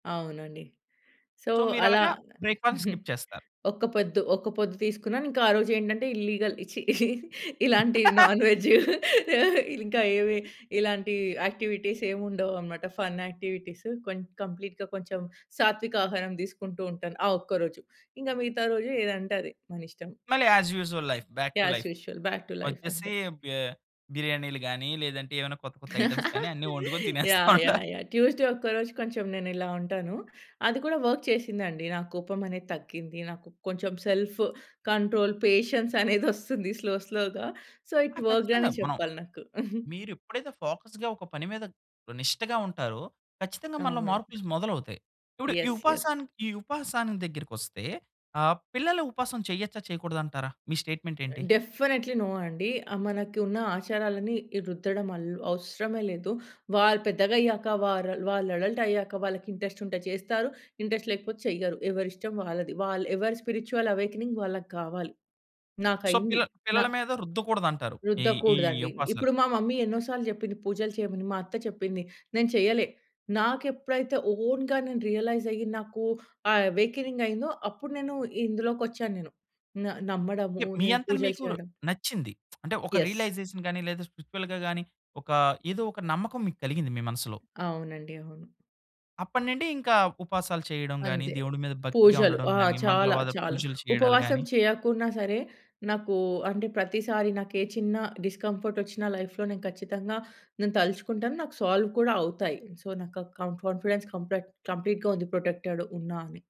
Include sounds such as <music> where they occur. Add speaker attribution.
Speaker 1: అవునండి. So,
Speaker 2: so,
Speaker 1: అలా
Speaker 2: మీరలాగా బ్రేక్‌ఫాస్ట్‌ని skip
Speaker 1: <chuckles>
Speaker 2: చేస్తారు.
Speaker 1: ఒక్క పొద్దు, ఒక్క పొద్దు తీసుకున్నానింకా ఆరోజు ఏంటంటే, ఇల్లిగల్ ఛీ! <giggles> ఇలాంటి
Speaker 2: <laughs>
Speaker 1: నాన్ వెజ్జు, ఇంకా ఏమి ఇలాంటి యాక్టివిటీసేముండవనమాట, ఫన్ యాక్టివిటీస్. కొం కంప్లీట్‌గా కొంచెం సాత్వికహారం తీసుకుంటూ ఉంటాను, ఆ ఒక్కరోజు. ఇంకా మిగతా రోజు ఏదంటే అది. మనిష్టం.
Speaker 2: మళ్ళీ as usual life. Back to
Speaker 1: as
Speaker 2: life.
Speaker 1: Usual. Back to life అంతే.
Speaker 2: వచ్చేసి, బి బిర్యానీలు గాని, లేదంటే ఏమైనా కొత్త కొత్త ఐటెమ్స్ గాని,
Speaker 1: <giggles>
Speaker 2: అన్నీ వొండుకొని
Speaker 1: యాహ్!
Speaker 2: తినేస్తుంటారు.
Speaker 1: యాహ్! యాహ్! ట్యూస్‌డే ఒక్క రోజు కొంచెం నేనిలా ఉంటాను. అది కూడా వర్క్ చేసిందండి. నాకోపం అనేది తగ్గింది. నాకు కొంచెం సెల్ఫ్ కంట్రోల్, పేషెన్స్ అనేది <giggles> ఒస్తుంది స్లో స్లో‌గా. సో
Speaker 2: ఆ!
Speaker 1: ఈట్ వర్క్‌డనే
Speaker 2: ఖచ్చితంగా. మనం
Speaker 1: చెప్పాలి నాకు. <chuckles>
Speaker 2: మీరు ఎప్పుడైతే ఫోకస్‌గా ఒక పని మీద నిష్టగా ఉంటారో, ఖచ్చితంగా మనలో
Speaker 1: అవును.
Speaker 2: మార్పులు ఇస్ మొదలవుతాయి. ఇప్పుడు ఈ
Speaker 1: యెస్. యెస్.
Speaker 2: ఉపాసానికి ఈ ఉపాసాని దగ్గరకొస్తే ఆహ్, పిల్లలు ఉపవాసం చెయ్యొచ్చా, చేయకూడదంటారా? మీ స్టేట్‌మెంట్ ఏంటి?
Speaker 1: డెఫినెట్లీ నో అండి. ఆ మనకున్న ఆచారాలన్ని రుద్దడం ఆల్ అవసరమే లేదు. వాళ్ళు పెద్దగయ్యాక వరల్ వాళ్ళు అడల్టయ్యాక వాళ్ళకింట్రెస్టుంటె చేస్తారు, ఇంట్రెస్ట్ లేకపోతే చెయ్యరు. ఎవరి ఇష్టం వాళ్ళది. వల్ ఎవరి స్పిరిచ్యుల్ అవేకెనింగ్ వాళ్ళకావాలి.
Speaker 2: సో,
Speaker 1: నాకయింది.
Speaker 2: పిల్ల
Speaker 1: నా
Speaker 2: పిల్లల మీద రుద్దకూడదంటారు. ఈ ఈ
Speaker 1: రుద్దకూడదండి.
Speaker 2: ఉపవాసాలు.
Speaker 1: ఇప్పుడు మా మమ్మీ ఎన్నో సార్లు చెప్పింది పూజలు చేయమని, మా అత్త చెప్పింది నేను చేయలే. నాకు ఎప్పుడైతే ఓన్‌గా నేను రియలైజ్ అయ్యి నాకు ఆ అవేకెనింగయిందో, అప్పుడు నేను ఇందులోకొచ్చాను నేను. న నమ్మడము
Speaker 2: ఎప్ మీ
Speaker 1: నేను
Speaker 2: అంతట
Speaker 1: పూజలు
Speaker 2: మీకుర్
Speaker 1: చేయడం.
Speaker 2: నచ్చింది. <smacks lips> అంటే ఒక
Speaker 1: యెస్.
Speaker 2: రియలైజేషన్ గాని, లేదా స్పిరిచ్యువల్‌గా గాని, ఒక ఏదోక నమ్మకం మీకలిగింది మీ మనసులో.
Speaker 1: అవునండి. అవును.
Speaker 2: అప్పటినిండి ఇంకా ఉపాసాలు చేయడం గాని,
Speaker 1: అంతే.
Speaker 2: దేవుడి మీద భక్తిగా
Speaker 1: పూజలు.
Speaker 2: ఉండడం
Speaker 1: ఆ!
Speaker 2: గాని,
Speaker 1: చాలా
Speaker 2: మంగళవాదా
Speaker 1: చాలా.
Speaker 2: పూజలు చేయడాలు
Speaker 1: ఉపవాసం
Speaker 2: గాని
Speaker 1: చేయకున్నా సరే, నాకు అంటే ప్రతిసారి నాకే చిన్న డిస్‌కంఫర్టోచ్చిన లైఫ్‌లో నేను ఖచ్చితంగా, నేను తలుచుకుంటాను నాకు సాల్వ్ కూడా అవుతాయి. సో, నాక కం కాన్ఫిడెన్స్ కంప్లెట్ కంప్లీట్‌గా ఉంది, ప్రొటెక్టెడ్ ఉన్నా అని.